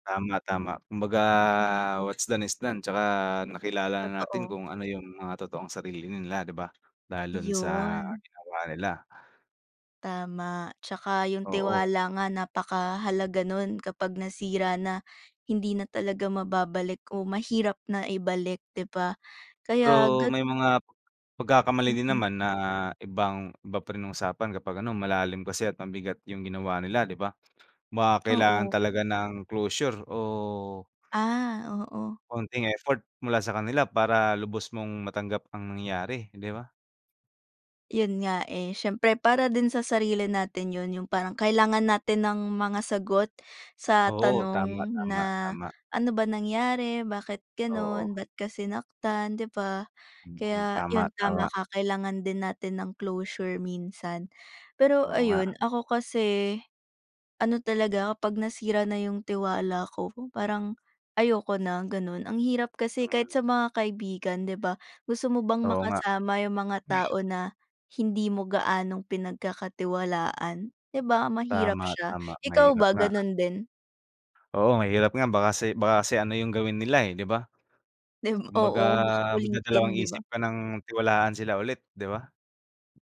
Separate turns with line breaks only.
Tama, tama kumbaga what's done is done tsaka nakilala natin
Totoo.
kung ano yung mga totoong sarili nila 'di ba, lalo na sa
Yun.
ginawa nila.
Tama, tsaka yung
Oo.
tiwala nga napakahalaga nun kapag nasira na, hindi na talaga mababalik o mahirap na ibalik 'di ba, kaya
Pero
gat
may mga, pagkakamali din
Mm.
naman na ibang iba pa rin usapan kapag ano malalim kasi at mabigat yung ginawa nila 'di ba. Baka kailangan
Oo.
talaga ng closure o
Ah, oo.
konting effort mula sa kanila para lubos mong matanggap ang nangyayari, hindi ba?
Yun nga, eh, siyempre para din sa sarili natin yun yung parang kailangan natin ng mga sagot sa
Oo tama,
tanong
tama,
na,
tama.
ano ba nangyari, bakit
Oo.
ganun, ba't kasi sinaktan 'di ba.
Mm,
Kaya
tama,
yun
tama.
tama ka kailangan din natin ng closure minsan. Pero
Oo nga.
ayun ako kasi. Ano talaga ako kapag nasira na yung tiwala ko parang, ayoko na ganun, ang hirap kasi kahit
Mm.
sa mga kaibigan 'di ba gusto mo bang
Oo nga.
makasama yung mga tao na, hindi mo gaanong pinagkakatiwalaan, 'di ba mahirap
Tama,
siya,
tama
ikaw
mahirap
ba
nga.
ganun din?
Oo mahirap nga baka kasi baka kasi ano yung gawin nila, eh, 'di ba.
'Di ba,
Kumbaga
oo, baka ulitin 'di ba.
magdadalawang-isip ka ng tiwalaan sila ulit 'di ba.